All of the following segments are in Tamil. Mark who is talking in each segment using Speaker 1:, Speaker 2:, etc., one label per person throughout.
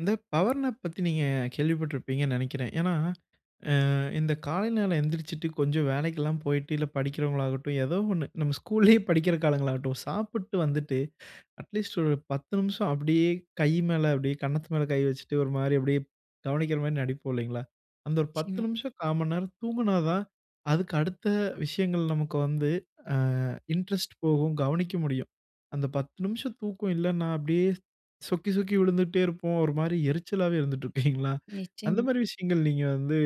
Speaker 1: இந்த பவர் நேப் பத்தி நீங்க கேள்விப்பட்டிருப்பீங்கன்னு நெனைக்கிறேன். ஏன்னா, அ இந்த காலை நேரம் எந்திரிசிச்சுட்டு, கொஞ்சம் வேலைக்கெல்லாம் போயிட்டு இல்ல படிக்கிறவங்களாகட்டும், ஏதோ ஒண்ணு. நம்ம ஸ்கூல்லயே படிக்கிற காலங்களாகட்டும், சாப்பிட்டு வந்துட்டு அட்லீஸ்ட் ஒரு 10 நிமிஷம் அப்டியே கை மேல அப்பிடியே கன்னத்து மேல கை வச்சுட்டு ஒரு மாரி அப்டியே கவனிக்கிறமாரி நடிப்போம் இல்லைங்களா. அந்த ஒரு 10
Speaker 2: நிச்சயமா.
Speaker 1: நிமிஷம் கா மண்நேரம் தூங்குனா தான், அதுக்கு அடுத்த விஷயங்கள் நமக்கு வந்து, அ இன்ட்ரெஸ்ட் போகும். கவனிக்க முடியும். அந்த 10 நிமிஷம் தூக்கம் இல்லன்னா, அப்டியே சொக்கி, சொக்கி விழுந்துட்டே இருப்போம். ஒரு மாரி எரிச்சலாவே இருந்துட்ருப்பீங்களா! அந்த
Speaker 2: நிச்சயமா.
Speaker 1: மாரி விஷயங்கள் நீங்க வந்து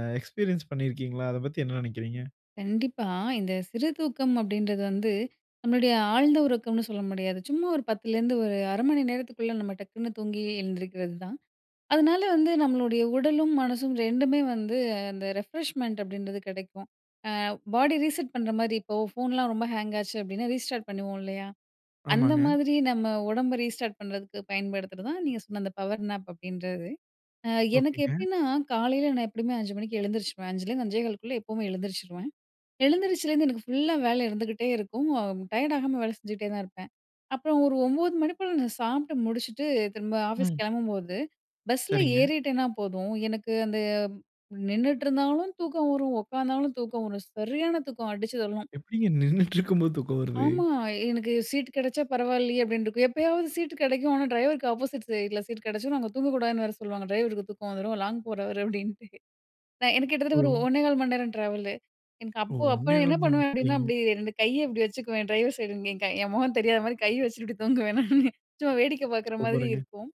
Speaker 1: அ எக்ஸ்பீரியன்ஸ் பண்ணியிருக்கீங்களா? அத பத்தி என்ன நெனக்கிறீங்க?
Speaker 2: கண்டிப்பா. இந்த சிறு தூக்கம் அப்படின்றது வந்து நம்மளுடைய ஆழ்ந்த உறக்கம்னு சொல்ல முடியாது. ச்சும்மா ஒரு 10 லேருந்து ஒரு அரை மணி நேரத்துக்குள்ள நம்ம டக்குனு தூங்கி எழுந்திரிக்கிறது தான். அதனால வந்து நம்மளுடைய உடலும் மனசும் 2மே வந்து அந்த ரெஃப்ரெஷ்மெண்ட் அப்டின்றது கெடைக்கும். அ பாடி ரீசெட் பண்றமாரி இப்போ ஃபோன்லாம் ரொம்ப ஹேங் ஆச்சு அப்டின்னா, ரீஸ்டார்ட் பண்ணுவோம் இல்லயா! அந்த
Speaker 1: ஆமாங்க.
Speaker 2: மாதிரி நம்ம உடம்ப ரீஸ்டார்ட் பண்றதுக்கு பயன்படுத்துறதான் நீங்க சொன்ன அந்த பவர் நேப் அப்டின்றது. அ எனக்கு
Speaker 1: ஓகேங்க.
Speaker 2: எப்டின்னா, காலைல நான் எப்டியுமே 5:00 மணிக்கு எழுந்திரிச்சுருவேன். 5:00 லேருந்து, 5:15 க்குள்ள எப்பவுமே எழுந்திரிச்சுருவேன். எழுந்திரிச்சிலேருந்து எனக்கு ஃபுல்லா வேல இருந்துகிட்டே இருக்கும். அ டயர்ட் ஆகாம வேல செஞ்சுக்ட்டே தான் இருப்பேன். அப்புறம் ஒரு 9:00 மணி போல நான் சாப்ட்டு முடிச்சுட்டு திரும்ப ஆஃபீஸ்
Speaker 1: ம்.
Speaker 2: கெளம்பும்போது, பஸ்ல
Speaker 1: சரிங்க.
Speaker 2: ஏறிட்டேன்னா போதும், எனக்கு அந்த நின்னுட்ருந்தாலும் தூக்கம் வரும். ஒக்காந்தாலும் தூக்கம் வரும். சரியான தூக்கம், அடிச்சு தள்ளும்.
Speaker 1: எப்டிங்க நின்னிட்ருக்கும்போது தூக்கம் வருது?
Speaker 2: ஆமா. எனக்கு சீட் கெடைச்சா பரவாயில்லயே! அப்டின்ருக்கும். எப்பயாவது சீட்டு கெடைக்கும். ஆனா, டிரைவருக்கு ஆப்போசிட் சைட்ல சீட் கெடைச்சிதுனா, அங்க தூங்கக்கூடாதுன்னு வேற சொல்லுவாங்க. "ட்ரைவருக்கு தூக்கம் வந்துரும். லாங் போறவரு" அப்படின்ட்டு. நான் எனக்கு கிட்டத்தட்ட ஒரு
Speaker 1: ஓ!
Speaker 2: 1:15 மண்நேரம் டிராவல்லு. எனக்கு
Speaker 1: ஓ!
Speaker 2: அப்போ அப்போ
Speaker 1: 1:15
Speaker 2: என்ன
Speaker 1: மணிநேரம்.
Speaker 2: பண்ணுவேன் அப்டின்னா,
Speaker 1: சரிங்க!
Speaker 2: அப்டி ரெண்டு கைய இப்பிடி வச்சுக்குவேன். டிரைவர் சைடு இங்க என் கை என் முகம் தெரியாதமாரி கைய வச்சுக்ட்டு இப்டி தூங்குவேன் நானு. சும்மா வேடிக்க பாக்குற மாதிரி
Speaker 1: சூப்பருங்க.
Speaker 2: இருக்கும்.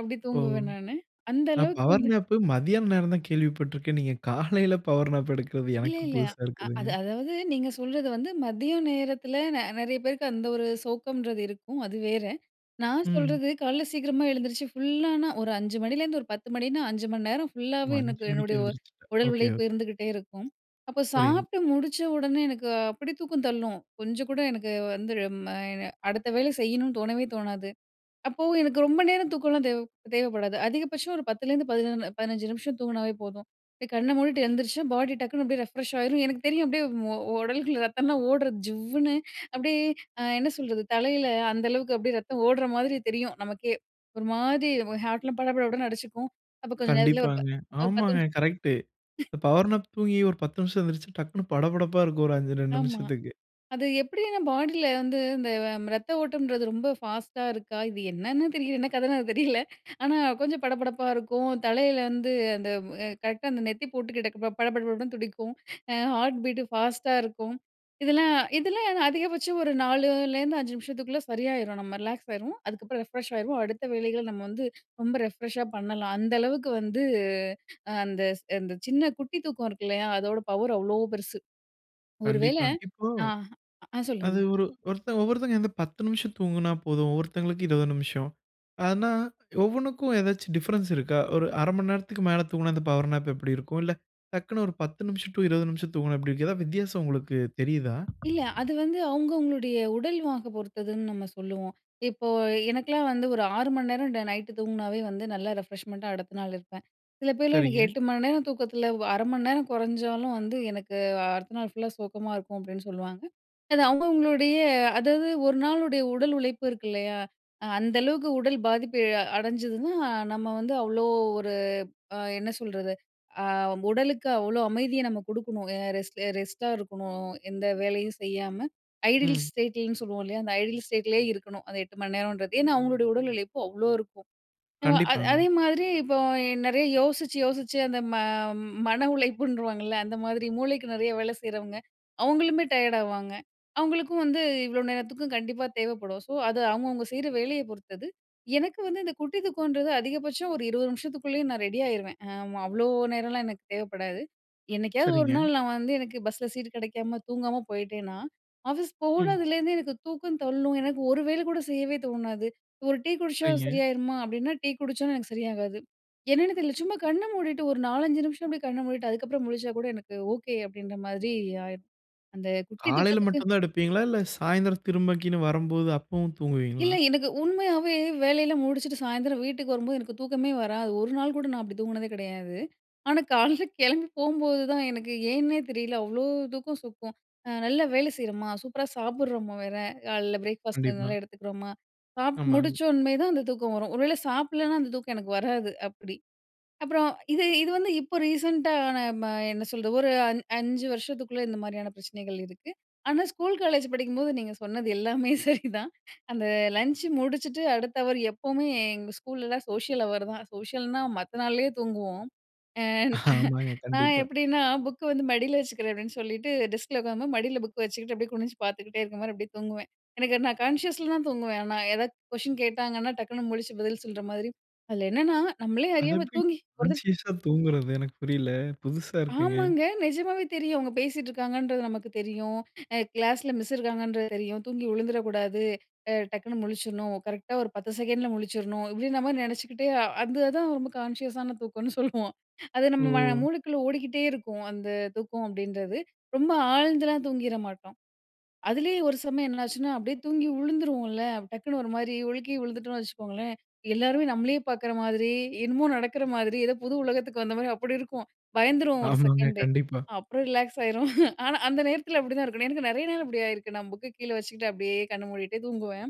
Speaker 2: அப்பிடி
Speaker 1: ஓ!
Speaker 2: தூங்குவேன் நானு. அந்த
Speaker 1: நான்
Speaker 2: அளவுக்கு
Speaker 1: பவர்
Speaker 2: வந்து
Speaker 1: நேப்பு மதியான நேரம் தான் கேள்விப்பட்ருக்கேன். நீங்க காலைல பவர் நேப் எடுக்குறது
Speaker 2: இல்ல,
Speaker 1: எனக்கு
Speaker 2: இல்ல.
Speaker 1: புதுசா
Speaker 2: அ
Speaker 1: இருக்குதுங்க!
Speaker 2: அது அதாவது நீங்க சொல்றது வந்து மதியம் நேரத்தில ந நெறைய பேருக்கு அந்த ஒரு சோக்கம்ன்றது இருக்கும். அது வேற. நான்
Speaker 1: ம்.
Speaker 2: சொல்றது காலைல சீக்கிரமா எழுந்திரிச்சி ஃபுல்லானா ஒரு 5:00 மணிலேருந்து ஒரு 10:00 மணினா 5 மண் நேரம்
Speaker 1: ஓ!
Speaker 2: ஃபுல்லாவே எனக்கு
Speaker 1: 5:00 மணிக்கு
Speaker 2: என்னுடைய
Speaker 1: எழுந்திரிச்சிப்ப.
Speaker 2: உடல்
Speaker 1: ஓகே,
Speaker 2: உழைப்பு
Speaker 1: ஓகே.
Speaker 2: இருந்துக்ட்டே இருக்கும். அப்போ
Speaker 1: புரியுது.
Speaker 2: சாப்ட்டு முடிச்ச உடனே எனக்கு அப்பிடி தூக்கம் தள்ளும். கொஞ்சம் கூட எனக்கு வந்து ழ ம எ அடுத்த வேலை செய்யணுனு தோணவே தோணாது. அப்போ எனக்கு ரொம்ப நேரம் தூக்கன்லாம் தேவ தேவப்படாது. அதிகபட்சம் ஒரு 10- லருந்து பதின 15- நிமிஷம் தூங்குனாவே போதும். அப்டே கண்ண மூடிட்டு எந்திரிச்சா, பாடி டக்குன்னு அப்டியே ரெஃப்ரெஷ் ஆயிரும். எனக்கு தெரியும். அப்டியே ஒ உடலுக்குள்ள ரத்தம்லாம் ஓட்றத் ஜிவ்வுன்னு. அப்டியே, அ என்ன சொல்றது? தலையில அந்த அளவுக்கு அப்டியே ரத்தம் ஓடுற மாதிரி தெரியும். நமக்கே ஒருமாதி வ ஹார்ட்லாம் பட பட படன்னு அடிச்சுக்கும். அப்ப கொஞ்சம் நேரத்லயே ஒரு ப
Speaker 1: கண்டிப்பாங்க.
Speaker 2: ஒரு 10
Speaker 1: ஆமாங்க!
Speaker 2: நிமிஷம்.
Speaker 1: கரெக்ட்டு. இப்ப பவர் நேப் தூங்கி ஒரு 10 நிமிஷம் எந்திரிச்சு டக்னு படபடப்பா இருக்கும் ஒரு அந்த 2
Speaker 2: ஆமா.
Speaker 1: நிமிஷத்துக்கு.
Speaker 2: அது எப்பிடின்னா, பாடில வந்து இந்த வ இரத்த ஓட்டம்ன்றது ரொம்ப ஃபாஸ்ட்டா இருக்கா? இது என்னன்னு தெரியல. என்ன கதன்னு அது தெரியல. ஆனா கொஞ்சம் படபடப்பா இருக்கும். தலையில வந்து அந்த அ கரெக்ட்‌டா அந்த நெத்திப் பொட்டுக்கிட்டக்க பட பட படன்னு துடிக்கும். அ ஹார்ட் பீட் ஃபாஸ்ட்டா இருக்கும். இதெல்லாம், இதெல்லாம் என்ன அதிகபட்சம் ஒரு 4- லேருந்து 5 நிமிஷத்துக்குள்ள சரியாயிரும். நம்ம ரிலாக்ஸ் ஆயிருவோம். அதுக்கப்பறம் ரெஃப்ரெஷ் ஆயிருவோம். அடுத்த வேலைகள நம்ம வந்து ரொம்ப ரெஃப்ரெஷ்ஷா பண்ணலாம். அந்த அளவுக்கு வந்து அ அந்த, அந்த சின்ன குட்டி தூக்கம் இருக்கு இல்லயா! அதோட பவர் அவ்ளோ பெருசு. ஒரு வேளை
Speaker 1: கண்டிப்பாங்க. இப்போ
Speaker 2: ஆ ஹ அ சொல்லுங்க.
Speaker 1: அது ஒரு ஒருத்தர் ஒவ்வொருத்தங்க வந்து 10 நிமிஷம் தூங்குனா போதும். ஒருத்தங்களுக்கு 20 நிமிஷம். அதனா, ஒவ்வொன்னுக்கும் எதாச்சும் டிஃபரன்ஸ் இருக்கா? ஒரு 1/2 மண் நேரத்துக்கு மேல தூங்குனா, இந்த பவர் நேப் எப்பிடி இருக்கும்? இல்ல டக்னு ஒரு 10 நிமிஷம் டு 20 நிமிஷம் தூங்குனா எப்பிடி இருக்கும்? ஏதா வித்தியாசம் உங்களுக்கு தெரியுதா?
Speaker 2: இல்ல. அது வந்து அவுங்க அவுங்களுடைய உடல் வாக பொறுத்ததுன்னு நம்ம சொல்லுவோம். இப்போ எனக்கெலாம் வந்து ஒரு 6 மண் நேரம் ட நைட்‌டு தூங்கினாவே வந்து நல்லா ரெஃப்ரெஷ்மெண்ட்டா அடுத்த நாள் இருப்பேன். சில பேர்லாம் "எனக்கு
Speaker 1: சரிங்க.
Speaker 2: 8 மணிநேரம் தூக்கத்தில வ 1/2 மண் நேரம் கொறஞ்சாலும் வந்து எனக்கு அ அடுத்த நாள் ஃபுல்லா சோக்கமா இருக்கும்." அப்டின்னு சொல்லவாங்க. அது அவுங்க அவுங்களுடைய அதாவது ஒரு நாளுடைய உடல் உழைப்பு இருக்கு இல்லயா! அ அந்த அளவுக்கு உடல் பாதிப்பு அ அடஞ்சிதுன்னா, நம்ம வந்து அவ்ளோ ஒரு அ என்ன சொல்றது? அ உடலுக்கு அவ்ளோ அமைதிய நம்ம குடுக்கணும். அ ரெஸ்ட்டு, ரெஸ்ட்டா இருக்கணும். எந்த வேலையும் செய்யாம ஐடில்ஸ்
Speaker 1: ம்.
Speaker 2: ஸ்டேட்டில்ன்னு சொல்லுவோம் இல்லயா! அந்த ஐடில் ஸ்டேட்லேயே இருக்கணும். அந்த 8 மணி நேரம்ன்றது. ஏன்னா, அவுங்களுடைய உடல் உழைப்பு அவ்ளோ இருக்கும். [unintelligible] அ
Speaker 1: கண்டிப்பாங்க.
Speaker 2: அதே மாதிரி இப்போ எ நெறைய யோசிச்சு, யோசிச்சு அந்த ம மன உழைப்புன்றுவாங்கல்ல, அந்த மாதிரி மூளைக்கு நெறைய வேலை செய்றவங்க, அவுங்களுமே டயர்ட் ஆவாங்க. அவுங்களுக்கும் வந்து இவ்ளோ நேரத்துக்கும் கண்டிப்பா தேவைப்படும். சோ, அது அவுங்கவுங்க செய்ற வேலைய பொறுத்தது. எனக்கு வந்து இந்த குட்டி தூக்கன்றது அதிகபட்சம் ஒரு 20 நிமிஷத்துக்குள்ளேயும் நான் ரெடி ஆயிருவேன். ஆமா, அவ்ளோ நேரலாம் எனக்கு தேவப்படாது. என்னைக்காவது ஒரு
Speaker 1: சரிங்க.
Speaker 2: நாள் நான் வந்து எனக்கு பஸ்ல சீட் கிடைக்காம தூங்காம போயிட்டேன்னா, ஆஃபீஸ்
Speaker 1: ம்.
Speaker 2: போனதுலேருந்து எனக்கு தூக்கம் தள்ளும். எனக்கு ஒரு வேல கூட செய்யவே தோணாது. ஒரு டீ குடிச்சா
Speaker 1: சரிங்க.
Speaker 2: சரியாயிருமா அப்டின்னா டீ குடிச்சும் எனக்கு சரியாகாது. என்னான்னு தெரில. சும்மா கண்ண மூடிட்டு ஒரு 4, 5 நிமிஷம் அப்டியே கண்ண மூடிட்டு அதுக்கப்புறம் முழிச்சாக்கூட எனக்கு ஓகே அப்டின்றமாதிரி ஆயிரும். அந்த குட்டி
Speaker 1: காலைல
Speaker 2: தூக்கத்துக்கு
Speaker 1: மட்டும் தான் எடுப்பீங்களா! இல்ல சாயந்திரம் திரும்பக்கீனு வரம்போது அப்பவும் தூங்குவீங்களா?
Speaker 2: இல்ல, எனக்கு உண்மையாவே வேலையெல்லாம் முடிச்சுட்டு சாயந்திரம் வீட்டுக்கு வரும்போது, எனக்கு தூக்கமே வராது. 1 நாள்கூட நான் அப்டி தூங்குனதே கிடையாது. ஆனா, காலைல கெளம்பி போம்போது தான் எனக்கு ஏன்னே தெரியல. அவ்ளோ தூக்கம் சொக்கும். அ நல்ல வேலை செய்றோம்மா, சூப்பரா சாப்புட்றோமா வேற! காலைல பிரேக்ஃபாஸ்ட்
Speaker 1: கண்டிப்பா.
Speaker 2: நல்லா எடுத்துக்கிறோமா! சாப்ட்டு
Speaker 1: ஆமாங்க.
Speaker 2: முடிச்ச்சோன்மே தான் அந்த தூக்கம் வரும். ஒரு வேள சாப்டலேனா அந்த தூக்கம் எனக்கு வராது அப்பிடி. அப்புறம் இது இது வந்து இப்போ ரீசென்ட்டா நான் ம என்ன சொல்றது? ஒரு அன் 5 வருஷத்துக்குள்ள இந்த மாரியான பிரச்சனைகள் இருக்கு. ஆனா, ஸ்கூல் காலேஜ் படிக்கும்போது நீங்க சொன்னது எல்லாமே சரிதான். அந்த லஞ்ச் முடிச்சுட்டு, அடுத்த ஹவர் எப்பவுமே எங்க ஸ்கூலலாம் சோஷியல் ஹவரு தான். சோஷியல்ன்னா மத்த நாள்லயே தூங்குவோம். அ
Speaker 1: ஆமாங்க.
Speaker 2: நான்
Speaker 1: கண்டிப்பா.
Speaker 2: எப்பிடின்னா, புக்க வந்து மடில வச்சுக்கிறேன் அப்டின்டு சொல்லிட்டு டெஸ்க்ல உக்காரும்போது மடில புக்க வச்சுக்கிட்டு, அப்டியே குனிஞ்சு பாத்துக்கிட்டே இருக்கமாரி அப்டியே தூங்குவேன். எனக்கு நான் கான்ஷியஸ்ல தான் தூங்குவேன். ஆனா, ஏதா கொஸ்டின் கேட்டாங்கன்னா, டக்குனு முழிச்சு பதில் சொல்றமாதிரி அதில என்னென்னா நம்மளே
Speaker 1: அது
Speaker 2: அறியாம
Speaker 1: எப்பிடிங்க
Speaker 2: தூங்கி ஒரு தட
Speaker 1: கான்ஸியஸா தூங்குறது? எனக்கு புரியல! புதுசா இருக்குங்க.
Speaker 2: ஆமாங்க. நெஜமாவே தெரியும்! அவுங்க பேசிட்டு இருக்காங்கன்றது நமக்கு தெரியும். அ "கிளாஸ்ல மிஸ் இருக்காங்கன்றது தெரியும். தூங்கி விழுந்துற கூடாது, அ டக்குனு முழிச்சுர்ணும். கரெக்ட்‌டா ஒரு 10 செகண்ட்ல முழிச்சிர்ணும்" இப்பிடி நம்ம நெனைச்சுக்கிட்டே அ அந்ததுதான் ரொம்ப கான்ஷியஸான தூக்கன்னு சொல்லுவோம். அது நம்ம மன
Speaker 1: ஓ!
Speaker 2: மூளைக்குள்ள ஓடிக்கிட்டே இருக்கும். அந்த தூக்கம் அப்டின்றது. ரொம்ப ஆழ்ந்துலாம் தூங்கிற மாட்டோம். அதுலயே ஒரு சமயம் என்னாச்சுன்னா, அப்டியே தூங்கி உழுந்துருவோம்ல. அப்ப டக்குனு ஒருமாரி ஒழுக்கி விழுந்துட்டோன்னு வச்சுக்கோங்களேன்! எல்லாருமே நம்மளயே பாக்குற மாதிரி, என்னமோ நடக்குற மாதிரி ஏதோ புது உலகத்துக்கு வந்த மாரி அப்பிடி இருக்கும். பயந்துருவோம் ஒரு
Speaker 1: ஆமாங்க.
Speaker 2: செகண்டு.
Speaker 1: கண்டிப்பா.
Speaker 2: அப்புறம் ரிலாக்ஸ் ஆயிருவோம். ஆனா, அந்த நேரத்தில அப்பிடிதான் இருக்கணும். எனக்கு நெறைய நேரம் இப்டி ஆயிருக்கு. நான் புக்க கீழே வச்சுக்கிட்டு அப்டியே கண்ண மூடிட்டே தூங்குவேன்.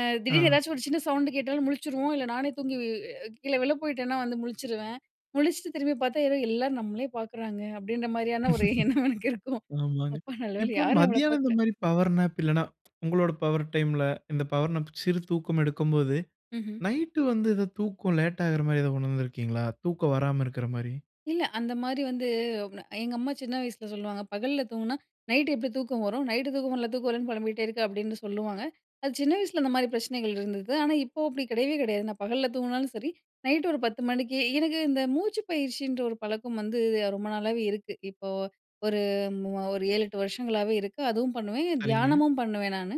Speaker 2: அ திடீர்னு
Speaker 1: ஆ.
Speaker 2: ஏதாச்சும் ஒரு சின்ன சவுண்டு கேட்டாலும் முழிச்சுருவோம், இல்ல நானே தூங்கி அ கீழ விழப் போயிட்டேன்னா, வந்து முழிச்சுருவேன். முழிச்ட்டு திரும்பி பாத்தா, ஏதோ "எல்லாரும் நம்ளயே பாக்குறாங்க" அப்பிடின்ற மாதிரியான ஒரு எண்ணம் எனக்கு இருக்கும்.
Speaker 1: ஆமாங்க.
Speaker 2: அப்பா! நல்லவேள
Speaker 1: இப்போ
Speaker 2: யாரும் நம்மள
Speaker 1: மதியானம்
Speaker 2: பாக்கல!
Speaker 1: இந்தமாரி பவர் நேப் இல்லன்னா, உங்களோட பவர் டைம்‌ல இந்த பவர் நேப் சிறு தூக்கம் எடுக்கும்போது,
Speaker 2: ம்ஹ்ம்.
Speaker 1: நைட்டு வந்து இது தூக்கம் லேட் ஆகுறமாரி ஏதா உணர்ந்திருக்கீங்களா? தூக்கம் வராம இருக்கிறமாரி.
Speaker 2: இல்ல. அந்தமாரி வந்து [unintelligible] எங்க அம்மா சின்ன வயசில சொல்லுவாங்க. "பகல்ல தூங்குனா நைட்‌டு எப்டி தூக்கம் வரும்? நைட்‌டு தூக்கம் வர்ல்ல, தூக்கம் வர்ல்லன்னு பொலம்பிட்டே இருக்க" அப்பிடின்னு சொல்லுவாங்க. அது சின்ன வயசில அந்தமாரி பிரச்சனைகள் இருந்தது. ஆனா, இப்போ அப்டி கெடையவே கெடையாது. நான் பகல்ல தூங்குனாலும் சரி, நைட்‌டு ஒரு 10:00 மணிக்கு, எனக்கு இந்த மூச்சு பயிற்சின்ற ஒரு பழக்கம் வந்து ரொம்ப நாளாவே இருக்கு. இப்போ ஒரு ஒரு மூ ஒரு 7, 8 வருஷங்களாகவே இருக்கு. அதுவும் பண்ணுவேன்.
Speaker 1: சரிங்க.
Speaker 2: தியானமும் பண்ணுவேன் நானு.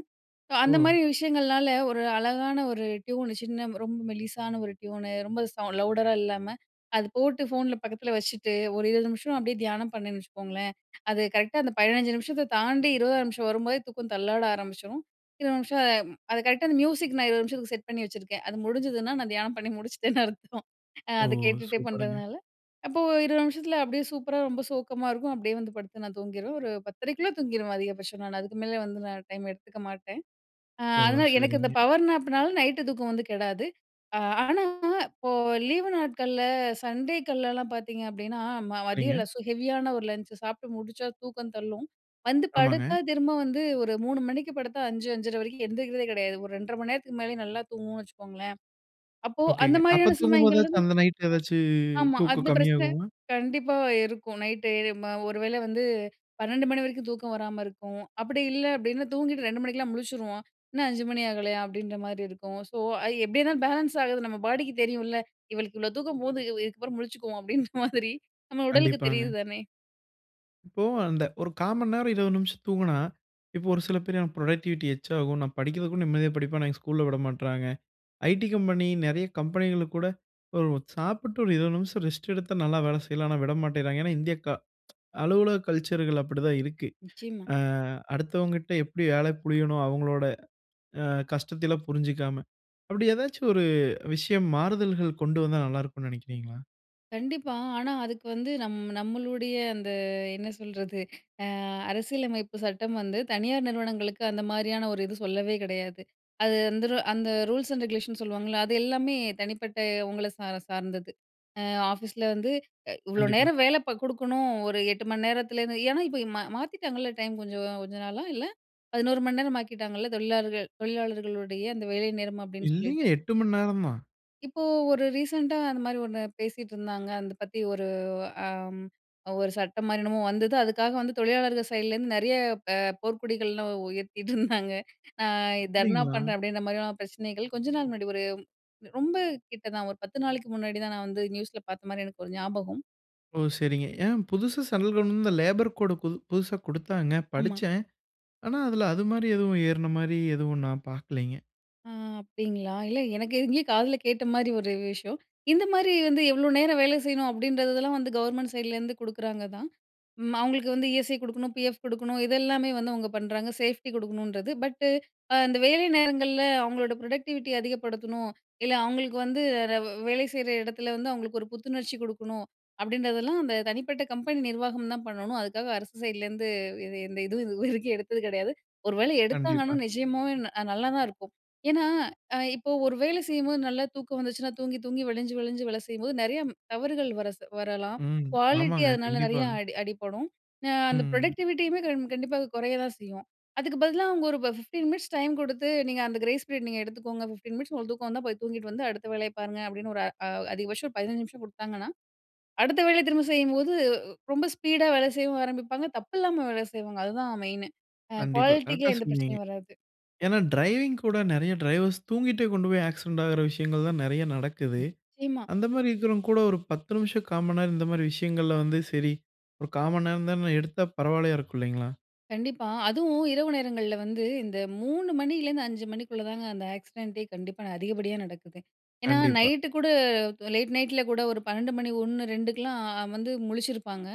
Speaker 2: சோ, அந்த
Speaker 1: ஓ!
Speaker 2: மாரி விஷயங்கள்னால ஒரு அழகான ஒரு ட்யூன் சின்ன ரொம்ப மெலிசான ஒரு ட்யூனு ரொம்ப சவுண் லவுடரா இல்லாம அது போட்டு ஃபோன்ல பக்கத்ல வச்சுட்டு, ஒரு 20 நிமிஷம் அப்டியே தியானம் பண்ணேன்னு வச்சுக்கோங்களேன், அது கரெக்ட்‌டா அந்த 15 நிமிஷத்த தாண்டி 20ஆவது நிமிஷம் வரும்போதே தூக்கம் தள்ளாட ஆரம்பிச்சரும். 20 நிமிஷம் ம் அது கரெக்ட்‌டா அந்த மியூசிக் நான் 20 நிமிஷத்துக்கு செட் பண்ணி வச்சுருக்கேன். அது முடிஞ்சுதுனா நான் தியானம் பண்ணி முடிச்சிட்டேன்னு அர்த்தம். அ
Speaker 1: ஓ!
Speaker 2: அத கேட்டுட்டே
Speaker 1: சூப்பருங்க.
Speaker 2: பண்றதுனால அப்போ 20 நிமிஷத்ல அப்டியே சூப்பரா ரொம்ப சோக்கமா இருக்கும். அப்டியே வந்து படுத்து நான் தூங்கிருவேன். ஒரு 10:30குள்ள தூங்கிருவேன் அதிகபட்சம். நான் அதுக்கு மேல வந்து நான் டைம் எடுத்துக்க மாட்டேன். அ
Speaker 1: ஓ,
Speaker 2: அதனால எனக்கு இந்த
Speaker 1: சரிங்க.
Speaker 2: பவர் நேப்னால, நைட்‌டு தூக்கம் வந்து கெடாது. அ ஆனா, இப்போ லீவு நாட்கள்ல சண்டேக்கள்லலாம் பாத்தீங்க அப்டின்னா, ம
Speaker 1: சரிங்க.
Speaker 2: மதியம்ல ஸோ ஹெவியான ஒரு லஞ்ச்சு சாப்ட்டு முடிச்சா தூக்கம் தள்ளும். வந்து
Speaker 1: ஆமாங்க.
Speaker 2: படுத்தா திரும்ப வந்து ஒரு 3:00 மணிக்கு படுத்தா, 5:00, 5:30 வரைக்கும் எந்திரிக்கிறதே கிடையாது. ஒரு 2:30 மணி நேரத்துக்கு மேலயே நல்லா தூங்குவோன்னு வச்சுக்கோங்களேன். அப்போ அந்த
Speaker 1: ஓகேங்க. அப்ப
Speaker 2: மாரியான சமயங்கள்ல
Speaker 1: தூங்கும்போதாச்சும், அந்த நைட் எதாச்சு
Speaker 2: ஆமா.
Speaker 1: தூக்கம்
Speaker 2: அந்த பிரச்சனை
Speaker 1: கம்மியாகுமா?
Speaker 2: கண்டிப்பா இருக்கும். நைட்‌டு இது ம ஒருவேள வந்து 12:00 மணி வரைக்கும் தூக்கம் வராம இருக்கும், அப்பிடி இல்ல அப்டினா தூங்கிட்டு, 2:00 மணிக்கெல்லாம் முழிச்சுருவோம். "இன்னும் 5:00 மணி ஆகலயா!" அப்டின்றமாரி இருக்கும். சோ, ஐ எப்பிடியன்னா பேலன்ஸ் ஆகுது. நம்ம பாடிக்கு தெரியுன்ல! "இவளுக்கு இவ்ளோ தூக்கம் போதும், இதுக்கப்பறம் முழிச்சுக்குவோம்" அப்டின்ற மாதிரி, நம்ம உடலுக்கு தெரியுது
Speaker 1: கண்டிப்பாங்க.
Speaker 2: தானே!
Speaker 1: இப்போ, அந்த ஒரு கால்மன் நேரம், 20 நிமிஷம் தூங்குனா, இப்போ ஒரு சில பேர் எனக்கு புரொடக்டிவிட்டி எக்ஸ்ட்ராகும். நான் படிக்கறதுக்கும் நிம்மதியாக படிப்பேன். ஆனா, எங்க ஸ்கூல்‌ல விடமாற்றாங்க. ஐடீ கம்பெனி, நெறைய கம்பெனிகளுக்கு கூட ஒரு சாப்பிட்டு ஒரு 20 நிமிஷம் ரெஸ்ட் எடுத்தா நல்ல வேல செய்யலாம். ஆனா விடமாட்டேங்கராங்க. ஏன்னா இந்திய க அலுவலக கல்ச்சர்‌கள் அப்டித்தா இருக்கு.
Speaker 2: நிச்சயமா.
Speaker 1: ஆ, அடுத்தவங்கிட்ட எப்டி வேலை புளியனும், அவுங்ளோட அ கஷ்டத்தை எல்லாம் புரிஞ்சுக்காம. அப்டி எதாச்சு ஒரு விஷயம் மாறுதல்கள் கொண்டு வந்தா நல்ல இருக்கும்னு நினைக்கிறீங்களா?
Speaker 2: கண்டிப்பா. ஆனா அதுக்கு வந்து நம் நம்மளுடைய அந்த என்ன சொல்றது, அ அரசியலமைப்பு சட்டம் வந்து தனியார் நிறுவனங்களுக்கு அந்த மாரியான ஒரு இது சொல்லவே கிடையாது. அது அந்தரு அந்த ரூல்ஸ் அண்ட் ரெகுலேஷன் சொல்லுவாங்கல்ல. அது எல்லாமே தனிப்பட்ட உங்கள சார சார்ந்தது. அ ஆஃபீஸில வந்து இ இவ்ளோ
Speaker 1: கண்டிப்பா.
Speaker 2: நேரம் வேல ப குடுக்கணும் ஒரு 8 மணி நேரத்துலேந்து. ஏன்னா, இப்ப மா மாத்திட்டாங்கல்ல டைம் கொஞ்சம் கொஞ்ச நாளா இல்ல? 11 மணி நேரம் ஆக்கிட்டாங்கல்ல? தொழிலாளர்கள் தொழிலாளர்களுடைய அந்த வேலை நேரம் அப்படின்னு
Speaker 1: இல்லையே,
Speaker 2: சொல்லிட்டு?
Speaker 1: 8 மணி நேரம் தான்.
Speaker 2: இப்போ, ஒரு ரீசென்ட்டா அந்த மாரி ஒண்ணு பேசிட்டு இருந்தாங்க. அந்த பத்தி ஒரு அம் ஒரு சட்டம் மாரி என்னமோ வந்தது அதுக்காக வந்து தொழிலாளர்கள் சைட்லேருந்து நெறைய அ போர்கொடிகள்லாம் உயர்த்திட்டுருந்தாங்க. அ தர்ணா
Speaker 1: அப்டிங்களா?
Speaker 2: பண்றேன், அப்டின்ற மாதிரியான பிரச்சனைகள் கொஞ்ச நாள் முன்னாடி ஒரு ரொம்ப கிட்ட தா ஒரு 10 நாளைக்கு முன்னாடிதா நா வந்து நியூஸில பாத்த மாரி எனக்கு ஒரு ஞாபகம்.
Speaker 1: ஓ! சரிங்க. ஏன் புதுசா சென்ட்ரல் கவர்ன்மன்ட் இந்த லேபர் கோடு புது புதுசா குடுத்தாங்க.
Speaker 2: ஆமா.
Speaker 1: படிச்சேன். ஆனா அதுல அது மாரி எதுவும் ஏறுன மாரி எதுவும் நான் பாக்கலிங்க.
Speaker 2: ஆ, அப்டிங்களா? இல்ல எனக்கு எங்கயோ காதுல கேட்ட மாரி ஒரு விஷயம். இந்த மாரி வந்து எவ்ளோ நேரம் வேலை செய்யணும் அப்டின்றதெல்லாம் வந்து, கவர்மெண்ட் சைட்லேருந்து குடுக்குறாங்க தான். ம் அவுங்களுக்கு வந்து இ-எஸ்-ஐ குடுக்கணும். பி-எஃப் குடுக்கணும். இதெல்லாமே வந்து அவுங்க பண்றாங்க. சேஃப்டி குடுக்கணுன்றது. பட்டு அந்த வேலை நேரங்கள்ல அவுங்களோட பரொடெக்டிவிட்டிய அதிகப்படுத்தணும். இல்ல அவுங்களுக்கு வந்து ரவ் வேலை செய்ற எடத்ல வந்து அவுங்களுக்கு ஒரு புத்துணர்ச்சி குடுக்கணும். அப்படின்றதெல்லாம் அந்த தனிப்பட்ட கம்பெனி நிர்வாகம் தான் பண்ணணும். அதுக்காக அரசு சைட்லருந்து எது எந்த இதுவும் இதுவரைக்கும் எடுத்தது கிடையாது. ஒரு வேளை
Speaker 1: கண்டிப்பா.
Speaker 2: எடுத்தாங்கன்னா நிஜமாவே ந அ நல்லா தான் இருக்கும். ஏன்னா, அ இப்போ ஒரு வேலை செய்யும்போது நல்லா தூக்கம் வந்துச்சுன்னா, தூங்கி தூங்கி, வழிஞ்சு வழிஞ்சு வேல செய்யும்போது நெறைய தவறுகள் வர ச வரலாம்
Speaker 1: ம்,
Speaker 2: குவாலிட்டி
Speaker 1: ஆமாங்க.
Speaker 2: அதனால
Speaker 1: கண்டிப்பா.
Speaker 2: நெறையா அட் அடி அடிபடும். அ அந்த
Speaker 1: ம்.
Speaker 2: ப்ரொடக்டிவிட்டியுமே கண் கண்டிப்பா அது குறைய தான் செய்யும். அதுக்கு பதிலா அவுங்க ஒரு ப்ப 15 மினிட்ஸ் டைம் குடுத்து, "நீங்க அந்த கிரேஸ் பீரியட் நீங்க எடுத்துக்கோங்க. 15 மினிட்ஸ் உங்களுக்கு தூக்கம் வந்தா, போய் தூங்கிட்டு வந்து அடுத்த வேலைய பாருங்க அப்டின்னு ஒரு அ அதிகபட்சம் ஒரு 15 நிமிஷம் குடுத்தாங்கன்னா, அடுத்த வேலைய திரும்ப செய்யும்போது, உ ரொம்ப ஸ்பீடா வேலை செய்யவும் ஆரம்பிப்பாங்க. தப்பில்லாம வேலை செய்வாங்க. அதுதான் மெயினு. அ
Speaker 1: கண்டிப்பா.
Speaker 2: குவாலிட்டிக்கு
Speaker 1: கரெக்ட்‌டா
Speaker 2: எந்த
Speaker 1: சொன்னீங்க.
Speaker 2: பிரச்சனையும் வராது.
Speaker 1: ஏன்னா டிரைவிங் கூட நெறைய டிரைவர்ஸ் தூங்கிட்டே கொண்டு போய் ஆக்சிடென்ட் ஆகுற விஷயங்கள் தான் நெறைய நடக்குது.
Speaker 2: நிச்சயமா.
Speaker 1: அந்த மாரி இருக்கிறவங்க கூட ஒரு 10 நிமிஷம் 1/4 மண்நேரம் இந்த மாரி விஷயங்கள்ல வந்து சரி, ஒரு 1/4 மண்நேரம் தானே, எடுத்தா பரவால்லையா இருக்கும். இல்லைங்களா?
Speaker 2: கண்டிப்பா. அதுவும் இரவு நேரங்கள்ல வந்து, இந்த 3 மணியிலேருந்து, 5 மணிக்குள்ள தாங்க அந்த ஆக்சிடென்ட் டே கண்டிப்பா அதிகப்படியா நடக்குது. ஏன்னா
Speaker 1: கண்டிப்பா.
Speaker 2: நைட்‌டு கூட லேட் நைட் ல கூட 1 12 மணி, 1, 2 க்லாம் வந்து முழிச்சிருப்பாங்க.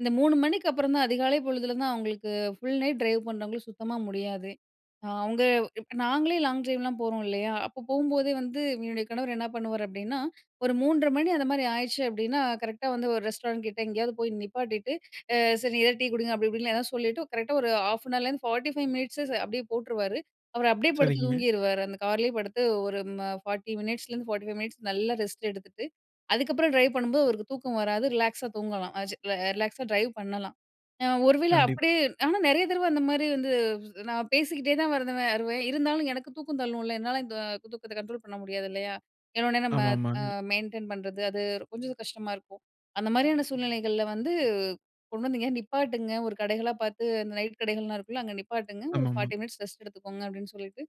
Speaker 2: இந்த 3 மணிக்கு அப்புறம் தான் அதிகாலை பொழுதுல தான், அவங்களுக்கு ஃபுல் நைட் டிரைவ் பண்றங்களுக்கு சுத்தமா முடியாதே. அவுங்க இப் நாங்களே லாங் டிரைவ் லாம் போறோம் இல்லயா? அப்போ போகும்போதே வந்து என்னுடைய கணவரு என்ன பண்ணுவாரு? அப்பிடீன்னா 1 3:30 மணி அந்தமாரி ஆயிடுச்சு அப்பிடீன்னா, கரெக்ட்டா வந்து 1 ரெஸ்டாரண்ட் கிட்ட எங்கேயாவது போய் நிப்பாட்டிட்டு, அ "சரி, நீ ஏதாவது டீ குடிங்க" அப்பிடி இப்பிடிலாம் ஏதாவது சொல்லிட்டு கரெக்டா 1 30 நிமிடம் லேருந்து, 45 நிமிடம் அப்பிடியே போட்டுருவாரு. அவரு அப்பிடியே படுத்து
Speaker 1: சரிங்க.
Speaker 2: தூங்கிருவாரு. அந்த காரிலயே படுத்து, 1 ம 40 நிமிடம்லேருந்து, 45 நிமிடம் மினிட்ஸ் நல்லா ரெஸ்ட் எடுத்துட்டு, அதுக்கப்புறம் டிரைவ் பண்ணும்போது, அவருக்கு தூக்கம் வராது. ரிலாக்ஸ் ஆ தூங்கலாம். அ சே ரிலாக்ஸ் அ டிரைவ் பண்ணலாம். அ ஒரு வேள
Speaker 1: கண்டிப்பா.
Speaker 2: அப்பிடியே ஆனா நெறைய தடவ அந்தமாரி வந்து, [unintelligible] நான் பேசிக்கிட்டே தான் வருதுவே வருவேன். இருந்தாலும் எனக்கு தூக்கம் தள்ளும்ல. என்னால இந்த தூ தூக்கத்த கண்ட்ரோல் பண்ண முடியாது இல்லயா? ஏனா உடனே நம்ம அ
Speaker 1: ஆமாமாங்க.
Speaker 2: மெயின்டெயின் பண்றது, அது கொஞ்சம் கஷ்டமா இருக்கும். அந்த மாரியான சூழ்நிலைகள்ல வந்து, "கொண்டு எங்கே நிப்பாட்டுங்க. ஒரு கடைகளா பார்த்து, இந்த நைட் கடைகள்லாம் இருக்குல்ல. அங்க நிப்பாட்டுங்க. 1
Speaker 1: ஆமாமா.
Speaker 2: 40 நிமிடம் ரெஸ்ட் எடுத்துக்கோங்க" அப்பிடீன்னு சொல்லிட்டு,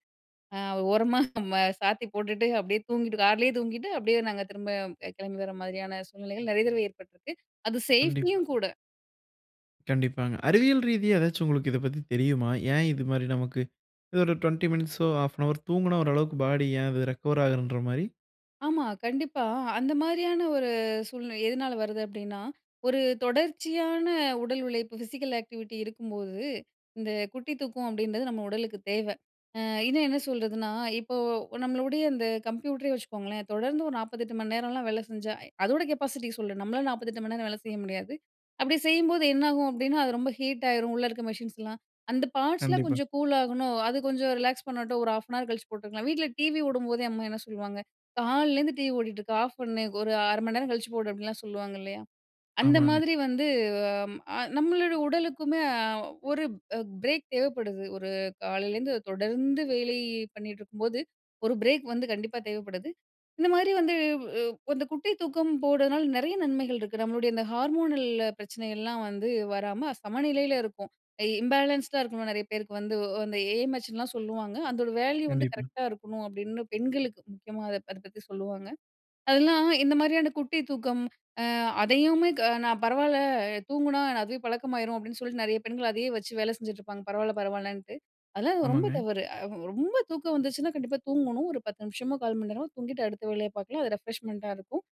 Speaker 2: அ ஓரமா ம சாத்தி போட்டுட்டு, அப்பிடியே தூங்கிட்டு கார்லே தூங்கிட்டு, அப்பிடியே நாங்க திரும்ப அ கிளம்பி வர மாதிரியான சூழ்நிலைகள் நெறைய தடவ ஏற்பட்டுருக்கு. அது சேஃப்டி
Speaker 1: கண்டிப்பா.
Speaker 2: யும் கூட.
Speaker 1: கண்டிப்பாங்க, அறிவியல் ரீதியா எதாச்சும் உங்களுக்கு இத பத்தி தெரியுமா? ஏன் இது மாதிரி நமக்கு இது ஒரு 20 மினிட்ஸோ 1/2ரோ தூங்கினா ஓரளவுக்கு பாடி ஏன் அது ரெக்கவர் ஆகுறன்ற மாரி?
Speaker 2: ஆமா கண்டிப்பா, அந்த மாதிரியான ஒரு சூழ்நிலை எதனால வருது? அப்படின்னா, ஒரு தொடர்ச்சியான உடல் உழைப்பு ஃபிசிக்கல் ஆக்டிவிட்டி இருக்கும்போது, இந்த குட்டி தூக்கம் அப்படின்றது நம்ம உடலுக்கு தேவ. அ இன்னும் என்ன சொல்றதுன்னா, இப்போ நம்மளுடைய இந்த கம்ப்யூட்டரே வச்சுக்கோங்களேன், தொடர்ந்து ஒரு 48 மணி நேரம்லாம் வேலை செஞ்சா, அதோட கெப்பாசிட்டி சொல்ற, நம்மளால 48 மணிநேரம் வேலை செய்ய முடியாது. அப்படி செய்யும்போது என்னாகும் அப்படின்னா, அது ரொம்ப ஹீட் ஆயிரும். உள்ள இருக்கிற மெஷின்ஸ்லாம், அந்த பார்ட்ஸ்லாம்
Speaker 1: கண்டிப்பா.
Speaker 2: கொஞ்சம் கூல் ஆகணும். அது கொஞ்சம் ரிலாக்ஸ் பண்ணட்டும். ஒரு 1/2னார் கழிச்சு போட்டுக்கலாம். வீட்டில் டிவி ஓடும்போதே, அம்மா என்ன சொல்லுவாங்க? காலைலேருந்து டிவி ஓடிகிட்டு இருக்கு, ஆஃப் பண்ணு. ஒரு 1/2 மணி நேரம் கழிச்சு போடு. அப்படின்லாம் சொல்லுவாங்க இல்லையா? அந்த
Speaker 1: ஆமாங்க.
Speaker 2: மாதிரி வந்து அ நம்மளோட உடலுக்குமே அ ஒரு பிரேக் தேவைப்படுது. ஒரு காலையிலேருந்து தொடர்ந்து வேலை பண்ணீட்டுருக்கும்போது. ஒரு பிரேக் வந்து கண்டிப்பா தேவைப்படுது. இந்த மாதிரி வந்து வு அந்த குட்டி தூக்கம் போடுறதுனால, நிறைய நன்மைகள் இருக்கு. நம்மளுடைய இந்த ஹார்மோனல் பிரச்சனைகள்லாம் வந்து வராம சமநிலையில இருக்கும். இம்பேலன்ஸ்டா இருக்கணும். நிறைய பேருக்கு வந்து அந்த ஏ.எம்.எச். லாம் சொல்லுவாங்க. அதோட வேல்யூ வந்து
Speaker 1: கண்டிப்பா.
Speaker 2: கரெக்ட்டா இருக்கணும். அப்படின்னு பெண்களுக்கு முக்கியமா அத அத பத்தி சொல்லுவாங்க. அதெல்லாம் இந்த மாதிரியான குட்டி தூக்கம். அ அதையுமே க நான் பரவாயில்ல தூங்கினா அதுவே பழக்கமாரும் அப்படின்னு சொல்லிட்டு நிறைய பெண்கள் அதையே வச்சு வேலை செஞ்சுட்டுருப்பாங்க. பரவாயில்ல, பரவாயில்லன்ட்டு. அதெல்லாம் ரொம்ப
Speaker 1: ஆமாங்க.
Speaker 2: தவறு. ரொம்ப தூக்கம் வந்துச்சுன்னா கண்டிப்பா தூங்கணும். ஒரு 10 நிமிஷமோ, 1/4 மணி நேரமோ தூங்கிட்டு அடுத்த வேலைய பார்க்கலாம், அது ரெஃப்ரெஷ்மெண்ட்டா இருக்கும்.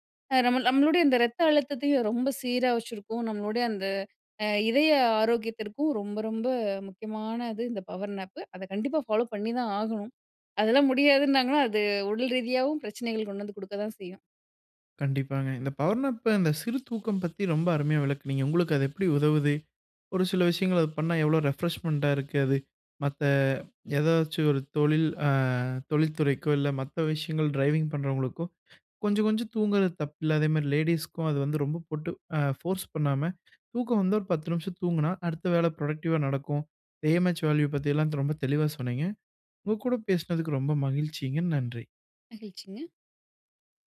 Speaker 2: நம்ம நம்மளுடைய இந்த இரத்த அழுத்தத்தையும் ரொம்ப சீரா வச்சுருக்கும். நம்மளுடைய அந்த அ இதய ஆரோக்கியத்திற்கும் ரொம்ப ரொம்ப முக்கியமானது. இந்த பவர் நேப்பு. அத கண்டிப்பா ஃபாலோ பண்ணிதான் ஆகணும். அதெல்லாம் முடியாதுன்னாங்கன்னா, அது உடல் ரீதியாகவும் பிரச்சனைகள் கொண்டு வந்து குடுக்க தான் செய்யும்.
Speaker 1: கண்டிப்பாங்க. இந்த பவர்னாப்ப இந்த சிறு தூக்கம் பத்தி ரொம்ப அருமையா விளக்குனீங்க. உங்களுக்கு அது எப்படி உதவுது? ஒரு சில விஷயங்கள் அது பண்ணா எவ்ளோ ரெஃப்ரெஷ்மெண்ட்டா இருக்கு அது? மத்த ஏதாச்சும், ஒரு தொழில் அ தொழில்துறைக்கோ, இல்ல மத்த விஷயங்கள் ட்ரைவிங் பண்ணுறவங்களுக்கோ, கொஞ்சம் கொஞ்சம் தூங்கறது தப்பில்ல. அதேமாதிரி லேடீஸுக்கும், அது வந்து ரொம்ப போட்டு ஃபோர்ஸ் பண்ணாம, தூக்கம் வந்து ஒரு 10 நிமிஷம் தூங்குனா அடுத்த வேலை ப்ரோடக்டிவா நடக்கும். ஏஎம்எச் வேல்யூ பத்தி எல்லாம் ரொம்ப தெளிவா சொன்னீங்க. உங்க கூட பேசினதுக்கு ரொம்ப மகிழ்ச்சிங்க. நன்றி.
Speaker 2: மகிழ்ச்சிங்க.